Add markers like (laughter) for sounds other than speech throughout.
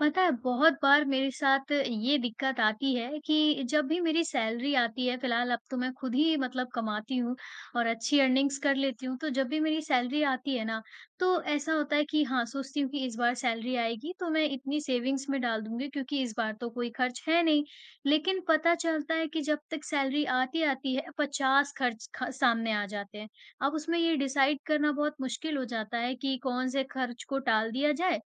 पता है, बहुत बार मेरे साथ ये दिक्कत आती है कि जब भी मेरी सैलरी आती है, फिलहाल अब तो मैं खुद ही मतलब कमाती हूँ और अच्छी अर्निंग्स कर लेती हूँ तो जब भी मेरी सैलरी आती है ना, तो ऐसा होता है कि हाँ, सोचती हूँ कि इस बार सैलरी आएगी तो मैं इतनी सेविंग्स में डाल दूँगी क्योंकि इस बार तो कोई खर्च है नहीं। लेकिन पता चलता है कि जब तक सैलरी आती, आती है, 50 खर्च ख सामने आ जाते हैं, अब उसमें ये डिसाइड करना बहुत मुश्किल हो जाता है कि कौन-से खर्च को टाल दिया जाए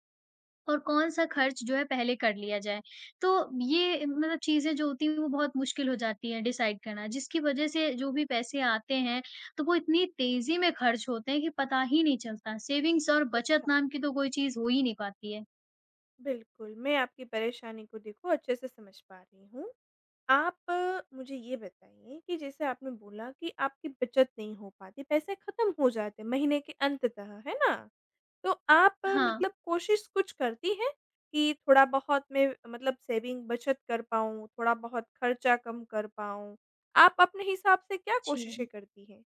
और कौन-सा खर्च जो है पहले कर लिया जाए। तो ये म चीज़ें जो होती हैं वो बहुत मुश्किल हो जाती है डिसाइड करना जिसकी वजह से जो भी पैसे आते हैं, तो वो इतनी तेजी में खर्च होते हैं कि पता ही नहीं चलता। सेविंग्स और बचत अच्छा। नाम की तो कोई चीज़ हो ही नहीं पाती है। बिल्कुल, मैं आपकी परेशानी को देखो अच्छे-से समझ पा रही हूँ। आप मुझे ये बताइए कि जैसे आपने बोला कि आपकी बचत नहीं हो पाती, पैसे खत्म हो जाते हैं महीने के अंततः है ना? तो आप हाँ। मतलब कोशिश कुछ करती हैं कि थोड़ा-बहुत मैं मतलब सेविंग, बचत कर पाऊँ, थोड़ा-बहुत खर्चा कम कर पाऊँ? आप अपने हिसाब से क्या कोशिशें जी। करती हैं?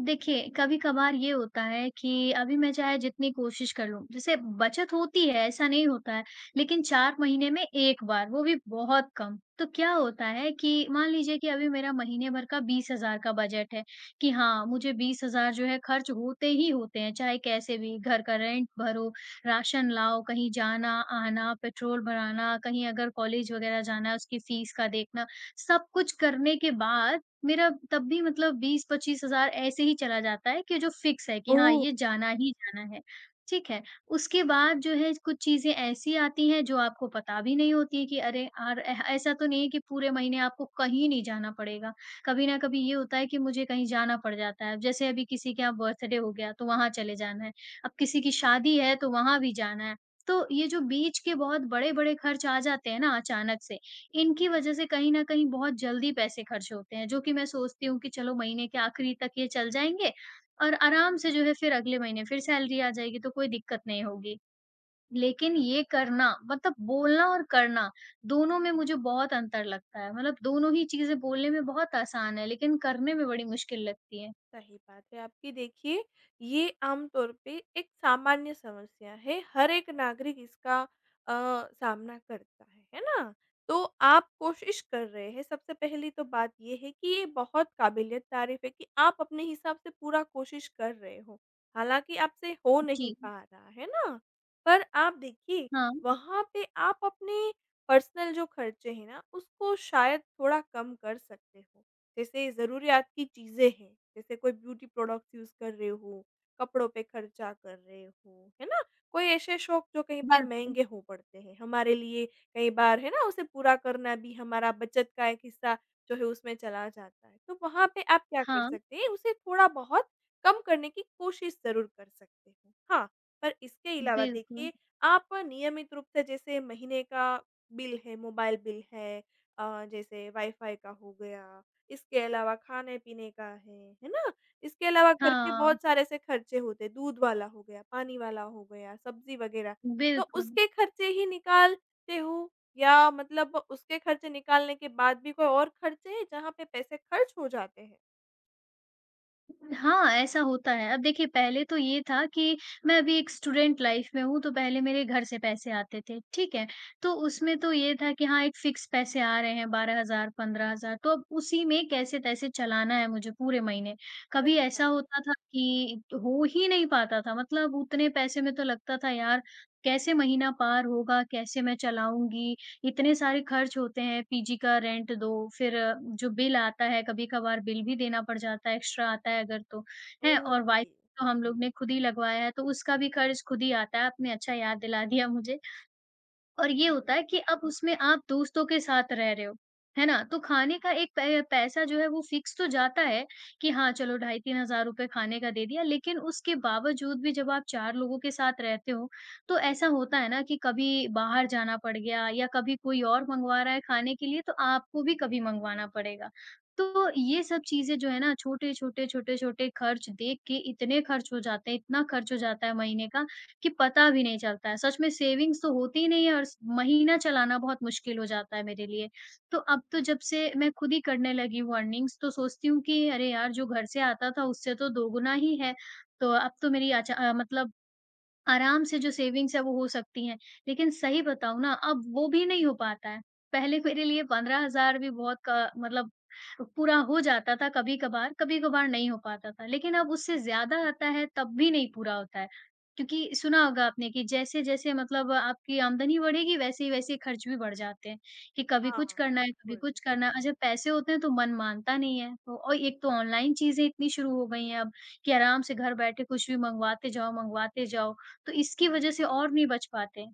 देखिए, कभी-कभार ये होता है कि अभी मैं चाहे जितनी कोशिश कर लूँ, जैसे बचत होती है ऐसा नहीं होता है, लेकिन 4 महीने में एक बार वो भी बहुत कम तो क्या होता है कि मान लीजिए कि अभी मेरा महीने भर का 20,000 का बजट है कि हाँ मुझे 20,000 जो है खर्च होते ही होते हैं, चाहे कैसे भी घर का रेंट भरो, राशन लाओ, कहीं जाना-आना, पेट्रोल भराना, कहीं अगर कॉलेज वग़ैरह जाना है उसकी फीस का देखना, सब-कुछ करने के बाद मेरा तब भी मतलब 20-25,000 ऐसे ही चला जाता है कि जो फिक्स है कि हाँ ओह! ये जाना ही जाना है ठीक है, उसके बाद जो है कुछ चीज़ें ऐसी आती हैं जो आपको पता भी नहीं होती है कि अरे अर ऐसा तो नहीं कि पूरे महीने आपको कहीं नहीं जाना पड़ेगा, कभी ना कभी ये होता है कि मुझे कहीं जाना पड़ जाता है अब जैसे अभी किसी के यहाँ बर्थडे हो गया तो वहाँ चले जाना है अब किसी की शादी है तो वहाँ भी जाना है, तो ये जो बीच के बहुत बड़े-बड़े खर्च आ जाते हैं ना अचानक से, इनकी वजह से कहीं न कहीं बहुत जल्दी पैसे खर्च होते हैं जो कि मैं सोचती हूँ कि चलो महीने के आखिरी तक ये चल जाएँगे और आराम से जो है फिर अगले महीने फिर सैलरी आ जाएगी तो कोई दिक्कत नहीं होगी, लेकिन ये करना मतलब बोलना और करना दोनों में मुझे बहुत अंतर लगता है मतलब दोनों ही चीज़ें बोलने में बहुत आसान हैं लेकिन करने में बड़ी मुश्किल लगती है। सही बात है आपकी देखिए, ये आमतौर पे एक सामान्य समस्या है हर एक नागरिक इसका अ, सामना करता है, है ना? तो आप कोशिश कर रहे हैं सबसे पहली तो बात ये है कि ये बहुत काबिल-ए-तारीफ़ है कि आप अपने हिसाब से पूरा कोशिश कर रहे हो, हालाँकि आपसे हो नहीं जी। पा रहा है ना, पर आप देखिए, हाँ। वहाँ पे आप अपने पर्सनल जो खर्चे हैं ना, उसको शायद थोड़ा कम कर सकते जैसे ज़रूरीयात की चीज़ें हैं, जैसे कोई ब्यूटी प्रोडक्टस यूज़ कर रहे हो, कपड़ों पे खर्चा कर रहे हो, है ना? कोई ऐसे शौक जो कई बार बिल्कुल। महँगे हो पड़ते हैं हमारे लिए कई बार है ना उसे पूरा करना भी हमारा बचत का एक हिस्सा जो है उसमें चला जाता है, तो वहाँ पे आप क्या कर हाँ। सकते हैं, उसे थोड़ा-बहुत कम करने की कोशिश ज़रूर कर सकते हाँ, पर इसके अलावा बिल्कुल। देखिए आप नियमित रूप से जैसे महीने का बिल है, मोबाईल बिल है, अ, जैसे वाईफाई का हो गया इसके अलावा खाने-पीने का है, है ना? इसके अलावा घर के हाँ। बहुत सारे एसे खर्चे होते हैं दूध वाला हो गया, पानी वाला हो गया, सब्जी वग़ैरह तो बिल्कुल। उसके खर्चे ही निकालते हो या मतलब उसके खर्चे निकालने के बाद भी कोई और खर्चे हैं जहाँ पे पैसे खर्च हो जाते हैं? हाँ, ऐसा होता है। अब देखिए पहले तो ये था कि मैं अभी एक स्टूडेंट लाइफ में हूँ तो पहले मेरे घर से पैसे आते थे, ठीक है? तो उसमें तो ये था कि हाँ एक फिक्स पैसे आ रहे हैं 12,000 15,000 तो अब उसी में कैसे-तैसे चलाना है मुझे पूरे महीने। कभी अच्छा। ऐसा होता था कि हो ही नहीं पाता था मतलब उतने पैसे में तो लगता था यार कैसे महीना पार होगा कैसे मैं चलाऊँगी इतने सारे ख़र्च होते हैं पीजी का रेंट दो फ़िर जो बिल आता है कभी-कभार बिल भी देना पड़ जाता है एक्स्ट्रा आता है अगर तो, हैं? और वाई ओके। तो हम लोगों ने ख़ुद ही लगवाया है तो उसका भी ख़र्च ख़ुद ही आता है, आपने अच्छा याद दिला दिया मुझे। और ये होता है हुँ। कि अब उसमें आप दोस्तों के साथ रह रहे हो, है ना? तो ख़ाने का एक पै पैसा जो है वो फिक्स तो जाता है कि हाँ, चलो ढाई 3 रुपए ख़ाने का दे दिया लेक़िन उसके बावजूद भी जब आप 4 लोगों के साथ रहते हो, तो ऐसा होता है ना कि कभी बाहर जाना पड़ गया या कभी कोई और मँगवा रहा है ख़ाने के लिए तो आपको भी कभी मँगवाना पड़ेगा। तो ये सब चीजें जो है ना छोटे-छोटे, छोटे-छोटे ख़र्च देख के इतने ख़र्च हो जाते हैं इतना ख़र्च हो जाता है महीने का कि पता भी नहीं चलता है। सच में सेविंग्स तो होती नहीं है और महीना चलाना बहुत मुश्किल हो जाता है मेरे लिए। तो अब तो जब से मैं ख़ुद ही करने लगी हूँ अर्निंग्स तो सोचती हूँ कि अरे यार जो घर से आता था उससे तो दोगुना ही है, तो अब तो मेरी अच्छा अ, मतलब आराम से जो सेविंग्स है वो हो सकती हैं, लेक़िन सही बताऊँ ना अब वो भी नहीं हो पाता है। पहले मेरे लिए 15,000 भी बहुत क मतलब पूरा हो जाता था कभी-कभार, कभी-कभार नहीं हो पाता था। लेक़िन अब उससे ज़्यादा आता है तब भी नहीं पूरा होता है, क्योंकि सुना होगा आपने कि जैसे-जैसे मतलब आपकी आमदनी बढ़ेगी वैसे ही वैसे ख़र्च भी बढ़ जाते हैं कि कभी हाँ, कुछ करना है, कभी बिल्कुल। कुछ करना है और जब पैसे होते हैं तो मन मानता नहीं है। तो एक तो ओनलाइन चीज़ें इतनी शुरू हो गई हैं अब कि आराम से घर बैठे कुछ भी मँगवाते जाओ, मँगवाते जाओ, तो इसकी वजह से और नहीं बच पाते।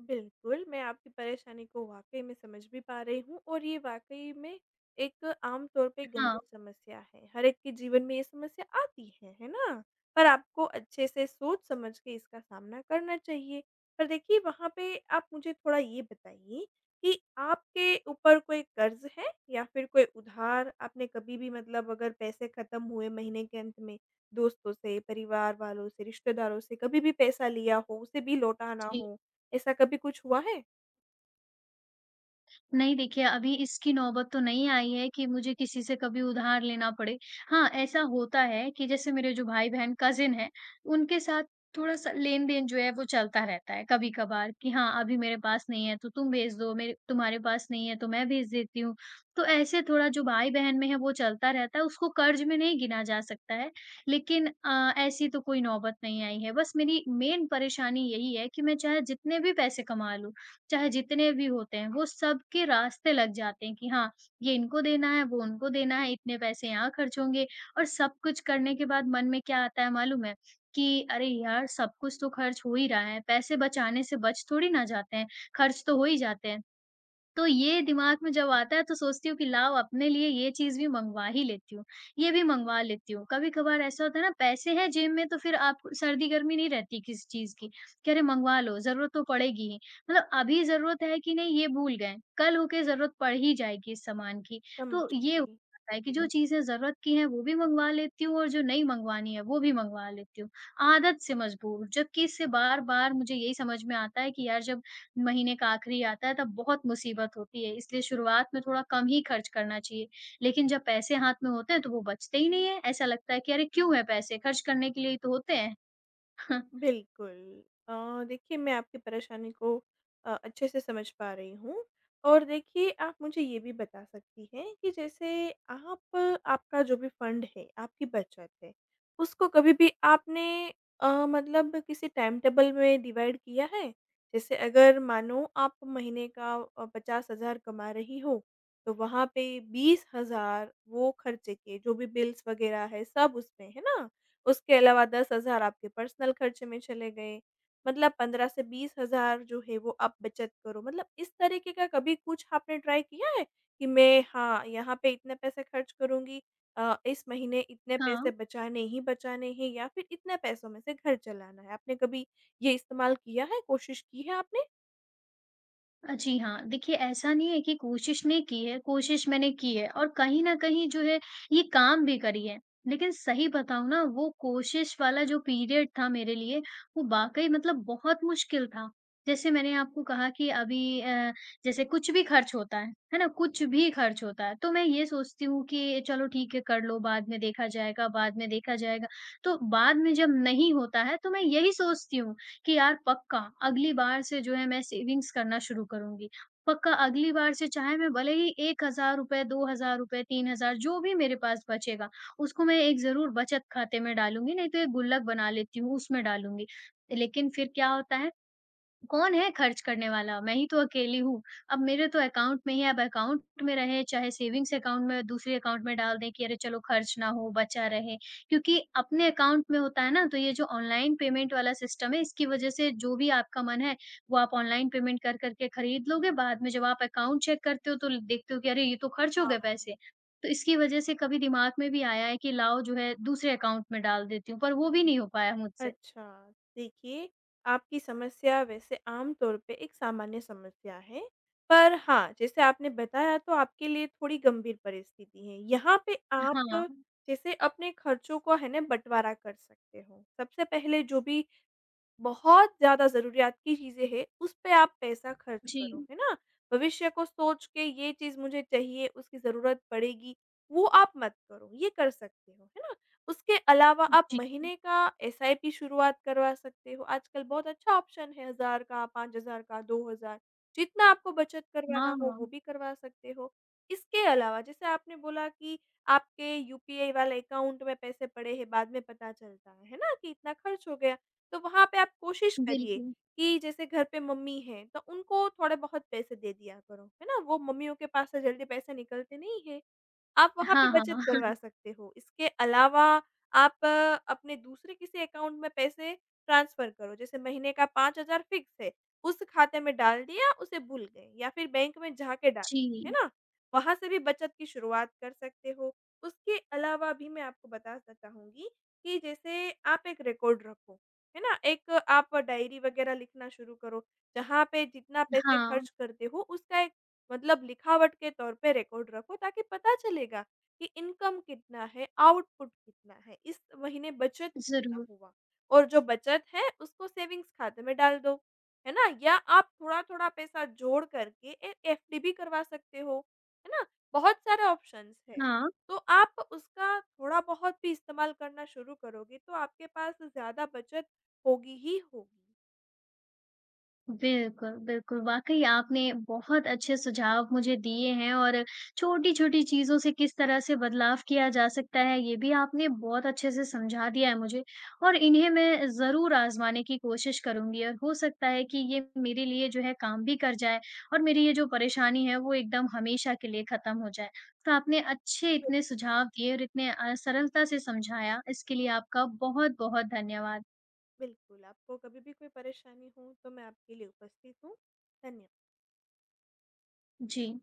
बिल्कुल, मैं आपकी परेशानी को वाक़ई में समझ भी पा रही हूँ और ये वाक़ई में एक आमतौर पे अ, गंभीर हाँ। समस्या है। हर एक के जीवन में ये समस्या आती है, है ना? पर आपको अच्छे-से सोच-समझ के इसका सामना करना चाहिए। पर देखिए वहाँ पे आप मुझे थोड़ा ये बताइए कि आपके ऊपर कोई कर्ज़ है या फ़िर कोई उधार आपने कभी भी मतलब अगर पैसे ख़त्म हुए महीने के अंत में दोस्तों से, परिवार वालों से, रिश्तेदारों से कभी भी पैसा लिया हो उसे भी लौटा ना जी। हो? ऐसा कभी कुछ हुआ है? नहीं देखिए अभी इसकी नौबत तो नहीं आई है कि मुझे किसी से कभी उधार लेना पड़े। हाँ, ऐसा होता है कि जैसे मेरे जो भाई-बहन कज़न हैं उनके साथ थोड़ा-सा लेन-देन जो है वो चलता रहता है कभी-कभार कि हाँ अभी मेरे पास नहीं है तो तुम भेज दो, मेरे तुम्हारे पास नहीं है तो मैं भेज देती हूँ। तो ऐसे थोड़ा जो भाई-बहन में है वो चलता रहता है, उसको कर्ज़ में नहीं गिना जा सकता है। लेक़िन अ, ऐसी तो कोई नौबत नहीं आई है बस मेरी मेन परेशानी यही है कि मैं चाहे जितने भी पैसे कमा लूँ, चाहे जितने भी होते हैं वो सबके रास्ते लग जाते हैं कि हाँ, ये इनको देना है वो उनको देना है इतने पैसे यहाँ ख़र्च होंगे और सब कुछ करने के बाद मन में क्या आता है मालूम है? कि अरे! यार सब कुछ तो ख़र्च हो ही रहा है, पैसे बचाने से बच थोड़ी ना जाते हैं ख़र्च तो हो ही जाते हैं। तो ये अच्छा। दिमाग में जब आता है तो सोचती हूँ कि लाओ अपने लिए ये चीज़ भी मँगवा ही लेती हूँ, ये भी मँगवा लेती हूँ। कभी-कभार ऐसा होता है ना पैसे हैं जेब में तो फ़िर आप सर्दी-गर्मी नहीं रहती किसी चीज़ की, कि अरे! मँगवा लो, ज़रूरत तो पड़ेगी ही। मतलब अभी ज़रूरत है कि नहीं ये भूल गए, कल हो के ज़रूरत पड़ ही जाएगी इस सामान की। तो ये हो समझी। जाता है कि जो चीज़ें ज़रूरत की हैं वो भी मँगवा लेती हूँ और जो नहीं मँगवानी है वो भी मँगवा लेती हूँ। आदत से मजबूर जबकि इससे बार-बार मुझे यही समझ में आता है कि यार जब महीने का आख़िरी आता है तब बहुत मुसीबत होती है, इसलिए शुरुआत में थोड़ा कम ही ख़र्च करना चाहिए। लेक़िन जब पैसे हाथ में होते हैं तो वो बचते ही नहीं है। ऐसा लगता है कि अरे! क्यों हैं पैसे? ख़र्च करने के लिए ही तो होते हैं। (chuckles) बिल्कुल। अ, देखिए मैं आपकी परेशानी को अ, अच्छे-से समझ पा रही हूँ। और देखिए आप मुझे ये भी बता सकती हैं कि जैसे आप आपका जो भी फंड है, आपकी बचत है उसको कभी भी आपने अ, मतलब किसी टाइमटेबल में डिवाइड किया है? जैसे अगर मानो आप महीने का अ, 50 हज़ार कमा रही हो तो वहाँ पे 20 हज़ार वो ख़र्चे के जो भी बिल्स वगैरह हैं सब उसमें, है ना? उसके अलावा 10 हज़ार आपके पर्सनल ख़र्चे में चले गए मतलब 15 से 20 हज़ार जो है वो आप बचत करो मतलब इस तरीक़े का कभी कुछ आपने ट्राई किया है कि मैं हाँ, यहाँ पे इतने पैसे ख़र्च करूँगी अ, इस महीने इतने पैसे हाँ। बचाने ही बचाने हैं या फ़िर इतने पैसों में से घर चलाना है? आपने कभी ये इस्तेमाल किया है कोशिश की है आपने? अ, जी हाँ। देखिए ऐसा नहीं है कि कोशिश नहीं की है। कोशिश मैंने की है और कहीं न कहीं जो है ये काम भी करी है। लेक़िन सही बताऊँ ना वो कोशिश वाला जो पीरियड था मेरे लिए वो वाक़ई मतलब बहुत मुश्किल था। जैसे मैंने आपको कहा कि अभी अ, जैसे कुछ भी ख़र्च होता है, है ना? कुछ भी ख़र्च होता है तो मैं ये सोचती हूँ कि चलो ठीक है कर लो बाद में देखा जाएगा, बाद में देखा जाएगा। तो बाद में जब नहीं होता है तो मैं यही सोचती हूँ कि यार पक्का अगली बार से जो है मैं सेविंग्स करना शुरू करूँगी। पक्का अगली बार से चाहे मैं भले ही 1 हज़ार रुपये 2 हज़ार रुपये 3 हज़ार जो भी मेरे पास बचेगा उसको मैं एक ज़रूर बचत ख़ाते में डालूँगी नहीं तो एक गुल्लक बना लेती हूँ उसमें डालूँगी। लेक़िन फ़िर क्या होता है? कौन है ख़र्च करने वाला, मैं ही तो अकेली हूँ। अब मेरे तो अकाउंट में ही है, अब अकाउंट में रहे चाहे सेविंग्स अकाउंट में दूसरे अकाउंट में डाल दें कि अरे! चलो ख़र्च ना हो बचा रहे। क्योंकि अपने अकाउंट में होता है ना तो ये जो ऑनलाइन पेमेंट वाला सिस्टम है इसकी वजह से जो भी आपका मन है वो आप ऑनलाइन पेमेंट कर, कर के ख़रीद लोगे। बाद में जब आप अकाउंट चेक करते हो तो ल देखते हो कि अरे! ये तो ख़र्च हो गए हाँ। पैसे। तो इसकी वजह से कभी दिमाग में भी आया है कि लाओ जो है दूसरे अकाउंट में डाल देती हूँ, पर वो भी नहीं हो पाया मुझसे। अच्छा। देखिए आपकी समस्या वैसे आमतौर पे एक सामान्य समस्या है। पर हाँ, जैसे आपने बताया तो आपके लिए थोड़ी गंभीर परिस्थिति हैं। यहाँ पे आप हाँ। जैसे अपने ख़र्चों को है ना बँटवारा कर सकते हो। सबसे पहले जो भी, बहुत ज़्यादा ज़रूरियात की चीज़ें हैं उस पे आप पैसा ख़र्च करो, जी। है ना? भविष्य को सोच के ये चीज़ मुझे चाहिए उसकी ज़रूरत पड़ेगी वो आप मत करो। ये कर सकते हो, है ना? उसके अलावा आप जी। महीने का एसआईपी शुरुआत करवा सकते हो। आजकल बहुत अच्छा ऑप्शन है हज़ार का, 5 हज़ार का, 2 हज़ार जितना आपको बचत करवाना हो वो हाँ। भी करवा सकते हो। इसके अलावा जैसे आपने बोला कि आपके यूपीआई वाले अकाउंट में पैसे पड़े हैं बाद में पता चलता है ना कि इतना ख़र्च हो गया। तो वहाँ पे आप कोशिश करिए बिल्कुल। कि जैसे घर पे मम्मी हैं तो उनको थोड़े-बहुत पैसे दे दिया करो। है ना? वो मम्मियों के पास से जल्दी पैसे निकलते नहीं हैं। आप वहाँ पे हाँ, हाँ। बचत करवा (chuckles) सकते हो। इसके अलावा आप अपने दूसरे किसी अकाउंट में पैसे ट्रांसफर करो। जैसे महीने का 5 हज़ार फिक्स है उस ख़ाते में डाल दिया उसे भूल गए या फ़िर बैंक में जाके डालो। है जी। ना? वहाँ से भी बचत की शुरुआत कर सकते हो। उसके अलावा भी मैं आपको बताना चाहूँगी कि जैसे आप एक रिकॉर्ड रखो। है ना? एक आप डायरी वग़ैरह लिखना शुरू करो, जहाँ पे जितना पैसे हाँ। ख़र्च करते हो उसका एक मतलब लिखावट के तौर पे रिकॉर्ड रखो ताकि पता चलेगा, कि इनकम कितना है आउटपुट कितना है इस महीने बचत कितना ज़रूर। हुआ और जो बचत है उसको सेविंग्स ख़ाते में डाल दो। है ना? या आप थोड़ा-थोड़ा पैसा जोड़ करके एक एफडी भी करवा सकते हो, है ना? बहुत सारे ऑप्शन्स हैं। हाँ। तो आप उसका थोड़ा-बहुत भी इस्तेमाल करना शुरू करोगे तो आपके पास ज़्यादा बचत होगी ही होगी। बिल्कुल, बिल्कुल वाक़ई आपने बहुत अच्छे सुझाव मुझे दिए हैं और छोटी-छोटी चीज़ों से किस तरह से बदलाव किया जा सकता है ये भी आपने बहुत अच्छे से समझा दिया है मुझे और इन्हें मैं ज़रूर आज़माने की कोशिश करूँगी। अ, हो सकता है कि ये मेरे लिए जो है काम भी कर जाए और मेरी ये जो परेशानी है वो एकदम हमेशा के लिए ख़त्म हो जाए। तो आपने अच्छे बिल इतने सुझाव दिए और इतने अ, सरलता से समझाया इसके लिए आपका बहुत-बहुत धन्यवाद। बिल्कुल, आपको कभी भी कोई परेशानी हो तो मैं आपके लिए उपस्थित हूँ। धन्य जी।